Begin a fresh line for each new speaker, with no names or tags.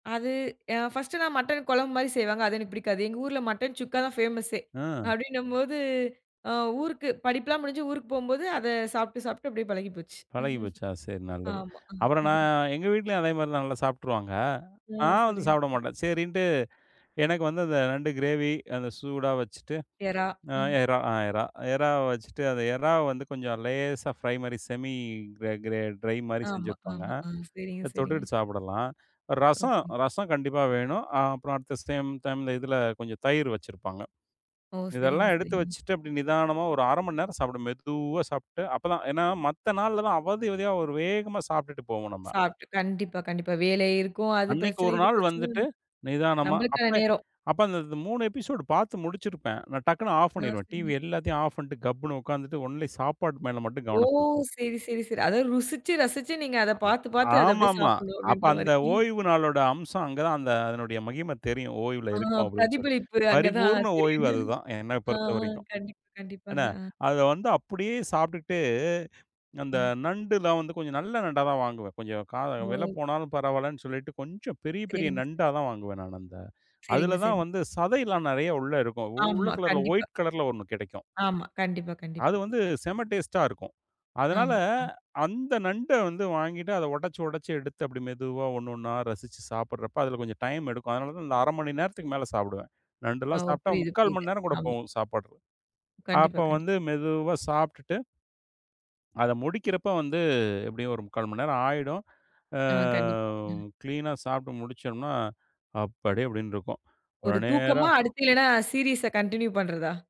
அது, அ ஃபர்ஸ்ட்லாம் மட்டன் குழம்பு மாரி செய்வாங்க, அது எனக்குப் பிடிக்காது. எங்க ஊர்ல மட்டன் சுக்கா தான் ஃபேமஸ்சே.
ஆ.
அப்டின்னும் போது, அ ஊருக்கு படிப்பெல்லாம் முடிஞ்சு ஊருக்குப் போம் போது, அத சாப்ட்டு, சாப்ட்டு அப்டியே பழகிப் போச்சு.
பழகி போச்சா? சரி நல்லது.
ஆமா.
அப்புறம் நா எங்க வீட்லயும் அதே மாரிதான், நல்லா சாப்பிட்டுருவாங்க.
அ,
நான் வந்து
சரிங்க.
சாப்பிட
சரி.
மாட்டேன். சரின்னுட்டு எனக்கு வந்து, அந்த நண்டு கிரேவி அந்த சூடா வச்சிட்டு,
இறா,
அ
ம்.
இறா ஆ இறா இறாவ வச்சிட்டு, அந்த இறாவ வந்து கொஞ்சம் லேசா ஃப்ரை மாரி செமி கிரே கிரே டிரை மாரி
ஆமா,
செஞ்சிருப்பாங்க.
ஆமா. அ, சரிங்க,
அத
சரிங்க.
தொட்டுட்டு சாப்பிடலாம். ரசம்
ம்ஹ்ம்.
ரசம் கண்டிப்பா வேணும். அப்புறம் அடுத்த அட் சேம் டைம்ல, இதுல கொஞ்சம் தயிர் வச்சிருப்பாங்க.
ஓ, சரிங்க,
இதெல்லாம் எடுத்து
சரிங்க.
வச்சிட்டு, அப்டி நிதானமா ஒரு 1/2 மணி நேரம் சாப்பிடணும். மெதுவா சாப்பிட்டு அப்பதான், ஏன்னா மத்த நாளெல்லாம் அவதி, அவதியா ஒரு வேகமா சாப்பிட்டுட்டு போவோம் நம்ம.
சாப்பிட்டு. கண்டிப்பா, கண்டிப்பா. வேலை இருக்கும், அது
அன்னைக்கு
பிரச்சனை,
1
இது
நாள்
பிரச்சனை.
வந்துட்டு, நிதானமா
நம்மளுக்கான
அப்ப
நேரம்.
அப்ப அந்த 3 எபிசோட் பார்த்து முடிச்சிருப்பேன். நான் டக்குன்னு ஆஃப்
ஆ,
பண்ணிருவேன்
சரி.
டிவி எல்லாத்தையும் ஆஃப் பண்ட்டு, கப்புன்னு உட்கார்ந்துட்டு ஒன்லி சாப்பாடு மேல மட்டும்
ஓ,
கவனம் செலுத்தணும்.
சரி சரி சரி. அத ருசிச்சு ரசிச்சு நீங்க அத
ஆ,
பார்த்துப் பார்த்து அத அப்டியே
ஆமாம்மா.
சாப்பிடணும்,
அப்ப
அப்டீன்ற மாரி.
அந்த ஓய்வு நாளோட அம்சம் அங்கதான், அந்த அதனுடைய மகிம தெரியும் ஓய்வுல
ஆ,
இருக்கோம் அப்டின்னு சொல்லி.
பிரதிபலிப்பு அங்க தான்,
பரிபூரண ஓய்வு
தெரியுது.
அதுதான், என்னப்
ஆ,
பொறுத்தவரைக்கும்.
கண்டிப்பா, கண்டிப்பாங்க.
என்னா!
அ.
அத வந்து அப்டியே சாப்பிட்டுட்டு, அந்த
ம்.
நண்டுலாம் வந்து கொஞ்சம் நல்ல நண்டாதான் வாங்குவேன். கொஞ்சம் கா வில
ஓ.
போனாலும் பரவாயில்லன்னு சொல்லிட்டு கொஞ்சம் பெரிய, பெரிய
சேரிங்க. சே
நண்டாதான் வாங்குவேன் நானு அந்த.
சேரிங்க,
அதுலதான்
சேரிங்க.
வந்து சதைலாம் நறைய உள்ள இருக்கும். உள்ள
ஆமா,
கலர்ல
கண்டிப்பா.
ஒயிட் கலர்ல ஒண்ணு கிடைக்கும்.
ஆமா, கண்டிப்பா,
அது
கண்டிப்பா.
வந்து செம டேஸ்ட்டா இருக்கும். அதனால,
ஆமா, ம்.
அந்த நண்ட வந்து வாங்கிட்டு அத உடைச்சு உடைச்சு எடுத்து அப்டி மெதுவா ஒண்ணொண்ணா ரசிச்சு சாப்பிடுறப்ப அதுல கொஞ்சம் டைம் எடுக்கும். அதனாலதான் நான் 1/2 மணி நேரத்துக்கு மேல சாப்பிடுவேன்.
அ
நண்டுலாம்
ஓ,
சாப்பிட்டா
புரியுது,
3/4
புரியுது.
மணி நேரம் கூட
ஆமா.
போகும் சாப்பட்
கண்டிப்பா,
அப்ப
கண்டிப்பா.
வந்து மெதுவா சாப்பிட்டுட்டு அத முடிக்கிறப்ப வந்து, எப்டியும் ஒரு 3/4 மணி நேரம் ஆயிடும். ஆ
ஆ, கண்டிப்பா. ஆ.
கிளீன்னா சாப்பிட்டு முடிச்சோம்ன்னா, அப்பாடி! அப்டின்னு இருக்கும்.
ஒரு தூக்கமா,
உடனேரா
அடுத்து இல்லனா சீரிஸ்ஸா கன்டினியூ பண்றதா?